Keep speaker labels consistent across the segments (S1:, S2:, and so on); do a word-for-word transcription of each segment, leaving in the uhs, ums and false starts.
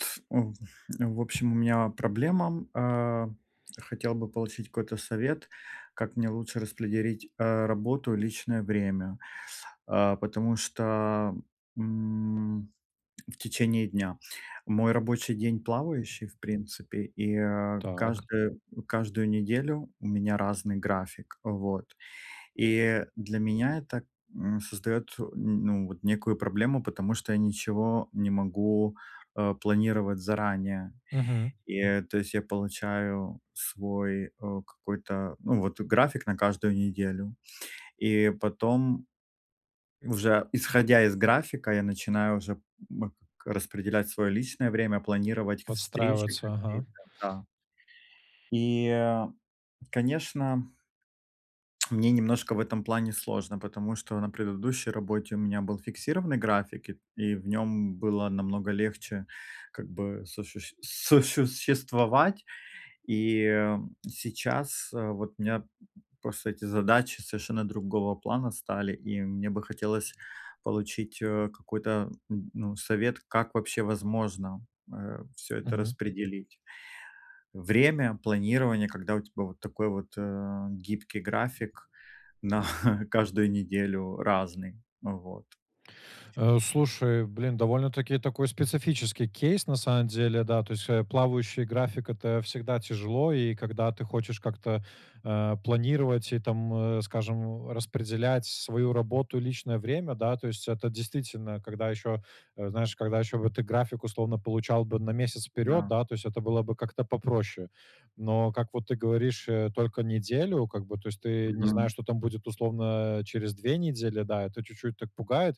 S1: Тс М, в общем, у меня проблема. Э, хотел бы получить какой-то совет, как мне лучше распределить, э, работу и личное время. Э, потому что, м, в течение дня. Мой рабочий день плавающий, в принципе, и, э,
S2: Так.
S1: каждую, м, каждую неделю у меня разный график. Вот. И для меня это, м, создает, н ну вот некую проблему, потому что я ничего не могу, э, планировать заранее.
S2: Мгм.
S1: И, то есть я получаю свой, э, какой-то, ну вот график на каждую неделю. И потом, уже исходя из графика, я начинаю уже, м, к распределять свое личное время, планировать встречи
S2: Подстраиваться, ага.
S1: какие-то. Да. И, а, конечно мне немножко в этом плане сложно. Потому что на предыдущей работе у меня был фиксированный график, ик и в нем было намного легче как бы сощущ сосуществовать. И, м, сейчас, э, вот у меня просто эти задачи совершенно другого плана стали. И мне бы хотелось получить, э, какой-то, м, ну, совет, как вообще возможно, э, всё это
S2: Мгм.
S1: распределить. Время, планирование, когда у тебя вот такой вот, э, гибкий график на каждую неделю разный. Вот.
S2: Э, слушай, блин, довольно-таки такой специфический кейс, на сан деле, да. То есть, э, плавающий график- это всегда тяжело. И когда ты хочешь как-то, э, планировать и, там, э, скажем, э, распределять свою работу, личное время, да. То есть это действительно, когда еще, э, знаешь, когда еще вы, ты график условно, получал бы на месяц вперед,
S1: Да.
S2: да. То есть это было бы как-то попроще. Но как вот ты говоришь, э, только неделю как бы. То есть ты не знаешь,
S1: Мгм.
S2: что там будет условно, э, через две недели, да. Это чуть-чуть так пугает,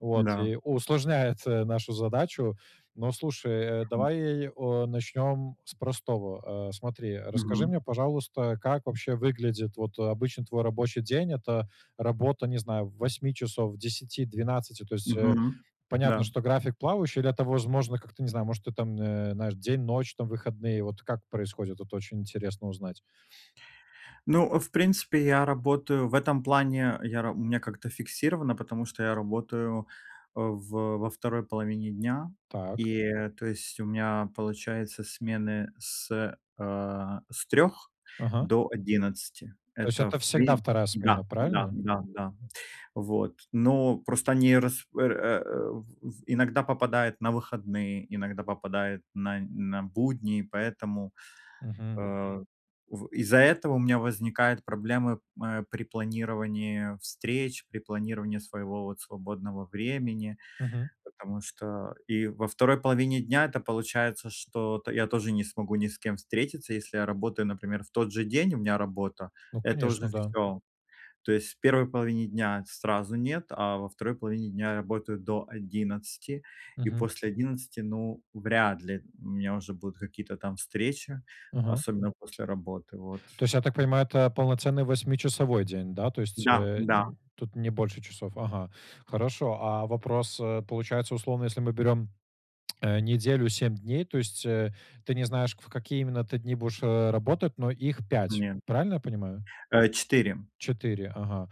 S2: вот,
S1: Да.
S2: и усложняет, э, нашу задачу. Но слушай,
S1: Хм.
S2: давай, э, начнем с простого. Э, смотри, расскажи
S1: Мгм.
S2: мне, пожалуйста, как вообще выглядит вот обычно твой рабочий день. Это работа, не знаю, восьми часов, десяти, двенадцати? То есть, э,
S1: Мгм,
S2: понятно,
S1: да.
S2: что график плавающий, или это возможно как-то, не знаю. Может, ты, там, э, знаешь- день, ночь, там, выходные. Вот как происходит? Вот очень интересно узнать.
S1: Ну, в принципе, я работаю В этом плане я ра У меня как-то фиксированно, потому что я работаю, э, в во второй половине дня.
S2: Так.
S1: И, то есть у меня, получается, смены с, э, с трех
S2: Ага.
S1: до одиннадцати.
S2: То есть
S1: Это
S2: это
S1: в
S2: всегда
S1: прин
S2: вторая
S1: Да.
S2: смена,
S1: Да,
S2: правильно?
S1: да, да. Вот. Но просто они рас пр, э, в в иногда попадают на выходные, иногда попадают на на будни. Поэтому,
S2: Мгм.
S1: э, в Из-за этого у меня возникают проблемы, э, при планировании встреч, при планировании своего, вот, свободного времени.
S2: Мгм.
S1: Потому что и во второй половине дня это получается, что т я тоже не смогу ни с кем встретиться. Если я работаю, например, в тот же день у меня работа-
S2: Ну
S1: это
S2: конечно,
S1: уже
S2: да.
S1: всё. То есть в первой половине дня- сразу нет. А во второй половине дня я работаю до одиннадцати. И
S2: Мгм.
S1: после одиннадцати, ну, вряд ли у меня уже будут какие-то там встречи,
S2: Мгм.
S1: особенно после работы. Вот.
S2: То есть, я так понимаю, это полноценный восьмичасовой день, да? То есть,
S1: Да,
S2: э,
S1: да.
S2: нь тут не больше часов. Ага, хорошо. А вопрос: а, получается, условно, если мы берем, э, неделю, семь дней. То есть, э, ты не знаешь, в какие именно ты дни будешь, э, работать, но их пять.
S1: Не.
S2: Правильно я понимаю?
S1: Э, четыре.
S2: четыре. Ага.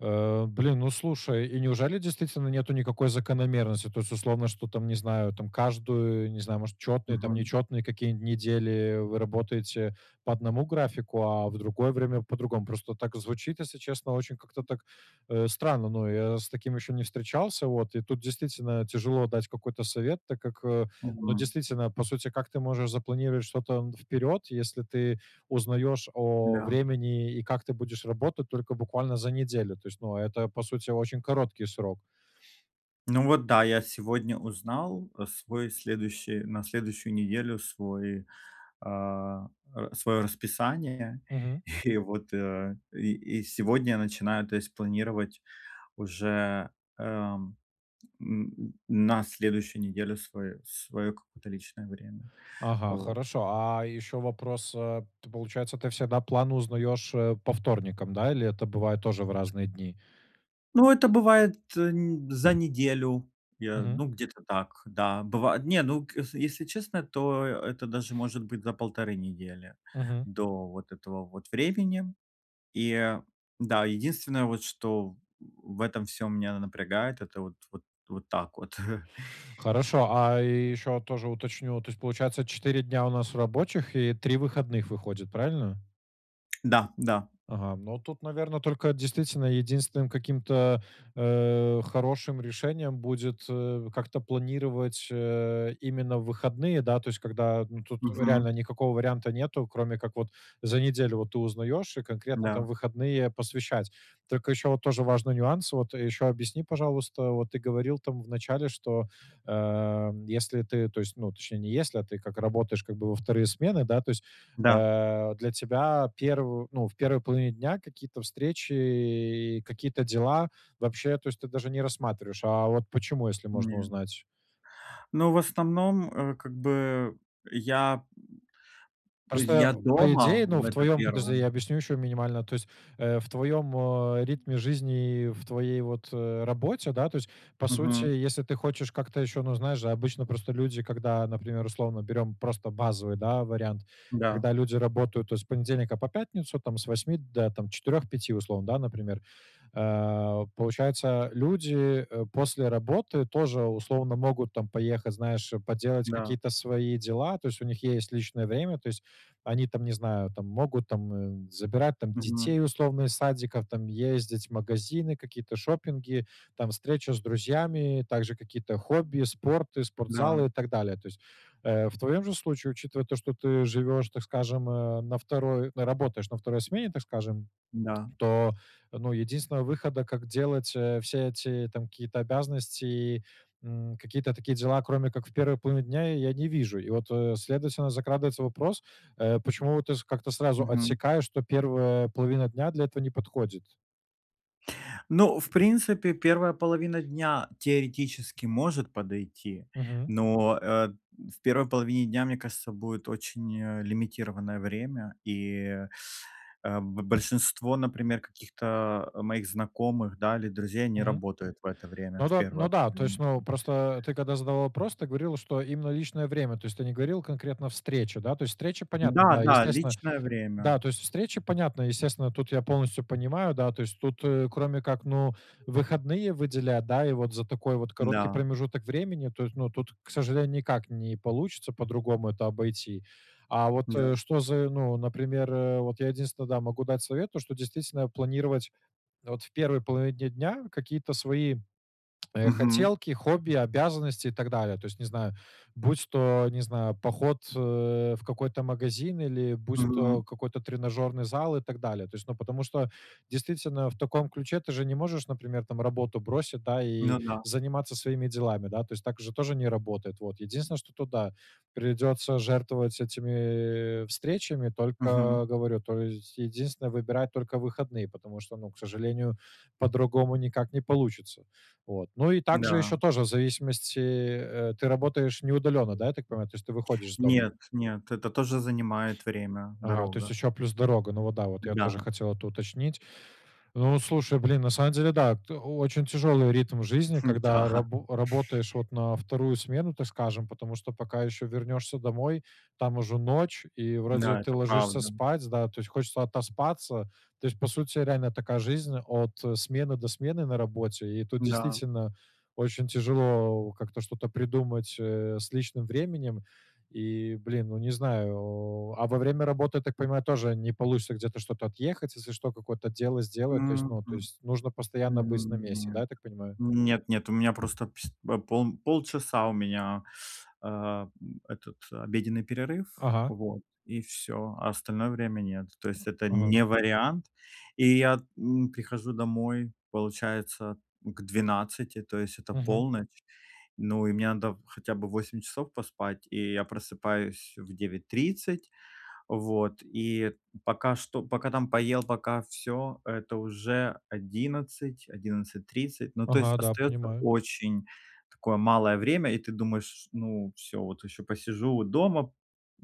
S2: Э, блин, ну слушай, и неужели действительно нету никакой закономерности? То есть, условно, что, там, не знаю. Там, каждую, не знаю, может, четные, там,
S1: Мгм.
S2: нечетные какие-нибудь недели вы работаете по одному графику, а в другое время по другому. Просто так звучит, если честно, очень как-то так, э, странно. Но я с таким еще не встречался, вот. И тут действительно тяжело дать какой-то совет, так как, э, ну,
S1: Мгм.
S2: действительно. По сути, как ты можешь запланировать что-то н вперед, если ты узнаёшь о
S1: Да.
S2: времени и как ты будешь работать только буквально за неделю. То есть ну это, по сути, очень короткий срок.
S1: Ну вот да, я сегодня узнал, а, свой следующий на следующую неделю свой, а, а, своё расписание.
S2: Мгм.
S1: И вот, а, и и сегодня я начинаю, то есть планировать уже, эм, н н на следующую неделю своё своё какое-то личное время.
S2: Ага,
S1: Вот.
S2: хорошо. А ещё вопрос. А ты, получается, ты всегда план узнаешь, э, по вторникам, да? Или это бывает тоже в разные дни?
S1: Ну, это бывает, нь за неделю, я,
S2: Мгм.
S1: ну, где-то так, да. Быва не, ну, к если честно, то, а, э, это даже может быть за полторы недели
S2: Мгм.
S1: до вот этого вот времени. И, а, н-да, единственное, вот что у в этом всём меня она напрягает, это вот вот вот так вот.
S2: Хорошо. А, и ещё вот тоже уточню. То есть, получается, четыре дня у нас рабочих и три выходных выходит, правильно?
S1: Да да.
S2: Ага, ну, тут, наверно, только действительно единственным каким-то, э, хорошим решением будет эу как-то планировать, а, именно в выходные, да? То есть когда, ну, тут в
S1: Мгм.
S2: реально никакого варианта нету, кроме как вот за неделю вот ты узнаешь и конкретно
S1: Н-да.
S2: там выходные посвящать. Только ещё вот тоже важный нюанс. Вот а ещё объясни, пожалуйста, вот ты говорил там в начале, что, ам, если ты, то есть, ну, точнее, не если, а ты как работаешь, как бы во вторые смены, да? То есть.
S1: Да.
S2: Э, для тебя первы ну, в первой половине дня какие-то встречи и какие-то дела вообще, то есть ты даже не рассматриваешь. А вот почему, если можно
S1: Нет.
S2: узнать?
S1: Ну, в основном, э, как бы я, м. Эт
S2: Просто,
S1: я
S2: а по
S1: дома-
S2: идее, ну,
S1: вот
S2: в
S1: это
S2: твоём
S1: первое.
S2: подожди, я объясню ещё минимально. То есть, э, в твоем, а, ритме жизни и в твоей вот, э, работе, да? То есть, по сути,
S1: Мгм.
S2: если ты хочешь как-то ещё Ну, знаешь же, обычно просто люди, когда, например, условно берем просто базовый, да, вариант,
S1: Н-да.
S2: когда люди работают то с понедельника по пятницу, там, с восьми до, там, четырех пяти, условно, да? Например. А, получается, люди, э, после работы тоже условно могут, там, поехать, знаешь, э, поделать
S1: Н-да.
S2: какие-то свои дела. То есть у них есть личное время, то есть они, там, не знаю, там, могут, там, эм, забирать, там,
S1: Мгм.
S2: детей условно из садиков, там, ездить в магазины, какие-то шопинги, там, встреча с друзьями, и также какие-то хобби, и спорт, и
S1: Да, м.
S2: спортзалы, и так далее. То есть, э, в твоем же случае, учитывая то, что ты живешь, так скажем, э, на второй на работаешь на второй смене, так скажем.
S1: Н-да.
S2: То, ну, единственного выхода, как делать, э, все эти, там, какие-то обязанности и, м, какие-то такие дела, кроме как в первой половине дня, и я не вижу. И вот, э, следовательно, закрадывается вопрос, э, почему вот ты с как-то сразу
S1: Мгм.
S2: отсекаешь, что первая половина дня для этого не подходит?
S1: Ну, в принципе, первая половина дня теоретически может подойти,
S2: Мгм.
S1: но, э, ат м, в первой половине дня, мне кажется, будет очень, э, лимитированное время. И, э, а, б большинство, например, каких-то, а, моих знакомых, да, или друзей, они
S2: Мгм.
S1: работают в это время,
S2: Ну
S1: в
S2: да, т
S1: первой
S2: ну да. То есть,
S1: половине
S2: ну,
S1: дь
S2: просто ты когда задавал вопрос, ты говорил, что именно личное время. То есть ты не говорил конкретно: встреча, да? То есть встреча понятно,
S1: Н-да,
S2: да,
S1: да,
S2: естественно
S1: личное время.
S2: Да, то есть встреча понятна, естественно, тут я полностью понимаю, да. То есть тут, э, кроме как, ну, выходные выделять, да? И вот за такой вот короткий
S1: Н-да.
S2: промежуток времени, то есть, ну, тут, к сожалению, никак не получится по-другому это обойти. А вот,
S1: Н-да.
S2: э, что за и, ну, например, э Вот я единственное, да, могу дать совет, то, что действительно планировать на вот в первой половине дь дня какие-то свои
S1: Мгм.
S2: хотелки, хобби и обязанности и так далее. То есть, не знаю, будь то, не знаю, поход, э, в какой-то магазин или будь то
S1: Мгм.
S2: какой-то тренажерный зал и так далее. То есть, ну, потому что действительно в таком ключе ты же не можешь, например, там, работу бросить, да, и
S1: Ну да.
S2: заниматься своими делами, да? То есть так же тоже не работает. Вот единственное, что тут да, придется жертвовать этими, э, встречами.
S1: Мгм.
S2: Только говорю, то есть единственное- выбирать только выходные, потому что, ну, к сожалению, по-другому никак не получится. Вот. Ну и также
S1: Н-да.
S2: ещё тоже в зависимости, э, ты работаешь не удаленно, да, я так понимаю? То есть ты выходишь из дома.
S1: Нет нет, это тоже занимает время.
S2: Ага, то есть
S1: Дорога.
S2: еще плюс дорога. Ну вот, да, вот я тоже
S1: Н-да.
S2: хотел это уточнить. Ну, слушай, блин, на самом деле, да, это очень тяжелый ритм жизни,
S1: Хм,
S2: когда
S1: та
S2: рабо работаешь вот на вторую смену, так скажем. Потому что пока ещё вернешься домой, там уже ночь, и вроде
S1: Н-да,
S2: ты
S1: это
S2: ложишься
S1: правда.
S2: спать, да? А то есть хочется отоспаться. То есть, по сути, реально такая жизнь от смены до смены на работе. И тут
S1: Н-да.
S2: действительно очень тяжело у как-то что-то придумать, э, с личным временем и, блин, ну, не знаю. О, а во время работы, я так понимаю, тоже не получится где-то что-то отъехать, если что, какое-то дело сделать. То есть, ну
S1: Мгм.
S2: вот, то есть нужно постоянно
S1: Ну,
S2: быть на месте, да,
S1: нет.
S2: я так понимаю?
S1: Нет нет, у меня просто пист б пон полчаса у меня, а, м, этот, а, обеденный перерыв.
S2: Ага.
S1: Вот и всё, а остальное время нет. То есть это не
S2: Ага.
S1: вариант. И я, м, прихожу домой, получается, к двенадцати, то есть это
S2: Мгм.
S1: полночь. Ну, и мне надо хотя бы восемь часов поспать. И я просыпаюсь в девять тридцать. Вот, и это пока что пока там поел, пока всё- это уже одиннадцать, одиннадцать тридцать. Ну, то есть
S2: Ага, да,
S1: остаётся
S2: понимаю.
S1: очень такое малое время, и ты думаешь: "Ну, всё, вот ещё посижу дома.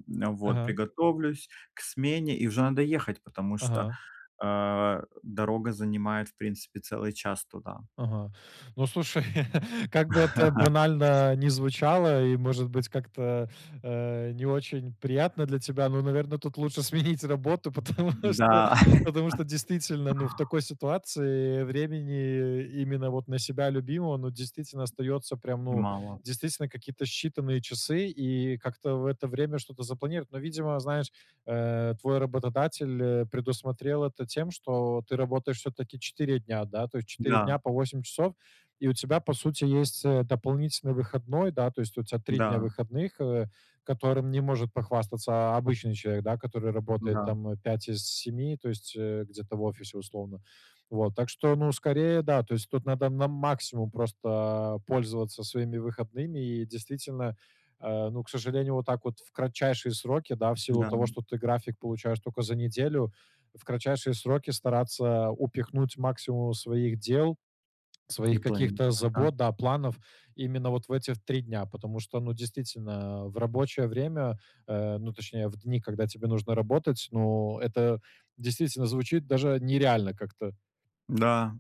S1: Н а, вот
S2: Ага.
S1: приготовлюсь к смене"- и уже надо ехать, потому что,
S2: Ага.
S1: а, дорога занимает в принципе целый час туда.
S2: Ага, ну, слушай, как бы это банально ни звучало и, может быть, как-то, а, не очень приятно для тебя, но, наверно, тут лучше сменить работу. Потому что
S1: Н-да, а.
S2: потому что действительно, ну, в такой ситуации времени именно вот на себя любимого, ну, действительно остаётся прям, ну,
S1: Мало.
S2: действительно, какие-то считанные часы, и как-то в это время что-то запланир Но, видимо, знаешь, э, твой работодатель, э, предусмотрел это тем, что ты работаешь всё-таки четыре дня, да? То есть четыре дня
S1: Н-да.
S2: по восемь часов, и у тебя, по сути, есть, э, дополнительный выходной, да? То есть у тя три дня
S1: Н-да.
S2: выходных, э, вэ которым не может похвастаться, а, обычный человек, да, который работает
S1: Н-да.
S2: там, э, пять из семи, то есть, э, где-то в офисе условно. Вот. Так что, ну, скорее да. То есть тут надо на максимум просто пользоваться своими выходными. И действительно, а, ну, к сожалению, вот так вот в кратчайшие сроки, да. В силу
S1: Да,
S2: того,
S1: ну
S2: что ты график получаешь тока за неделю, в кратчайшие сроки стараться упихнуть максимум своих дел,
S1: И
S2: своих каких-то
S1: планировать, да?
S2: забот, да, планов именно вот в эти в три дня. Потому что, ну, действительно, а в рабочее время, э, ну, точнее, в дни, когда тебе нужно работать, ну, это действительно звучит даже нереально как-то.
S1: Н-да,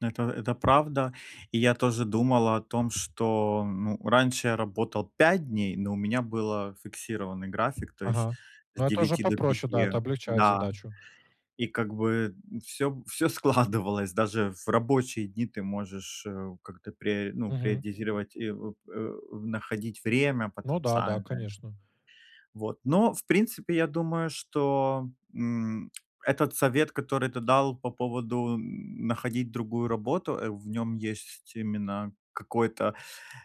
S1: это это правда. И я тоже думал о том, что, ну, раньше я работал пять дней, но у меня было фиксированный график, то есть
S2: Ага.
S1: с
S2: Ну, это уже
S1: девяти до
S2: попроще, да.
S1: пяти.
S2: Это облегчает
S1: Да.
S2: задачу.
S1: И как бы н всё всё складывалось. Даже в рабочие дни ты можешь, э, как-то пре ну,
S2: Мгм.
S1: приоритизировать и, воп э в находить время
S2: Ну да-да,
S1: потенциальное.
S2: конечно.
S1: Вот но, в принципе, я думаю, что, м, этот совет, который ты дал по поводу находить другую работу, э, в нём есть именно какое-то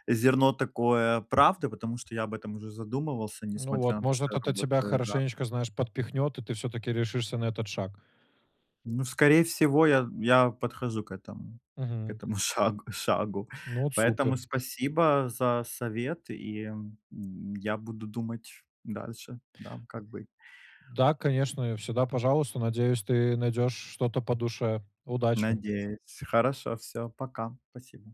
S1: зерно такое правды, потому что я об этом уже задумывался,
S2: Ну
S1: несмотря
S2: вот,
S1: на то,
S2: может,
S1: что я
S2: кто-то тебя
S1: работаю, да.
S2: хорошенечко, знаешь, подпихнет, и ты всё-таки решишься на этот шаг.
S1: Ну, в скорее всего, я т я подхожу к этому, к
S2: Мгм.
S1: этому шагу шагу.
S2: Ну, вот,
S1: Поэтому
S2: супер.
S1: спасибо за совет, и, эм, м, я буду думать. Дальше, да, как быть.
S2: Да, конечно, и всегда пожалуйста. Надеюсь, ты найдешь что-то по душе. Удачи.
S1: Надеюсь. Хорошо. Всё, пока. Спасибо.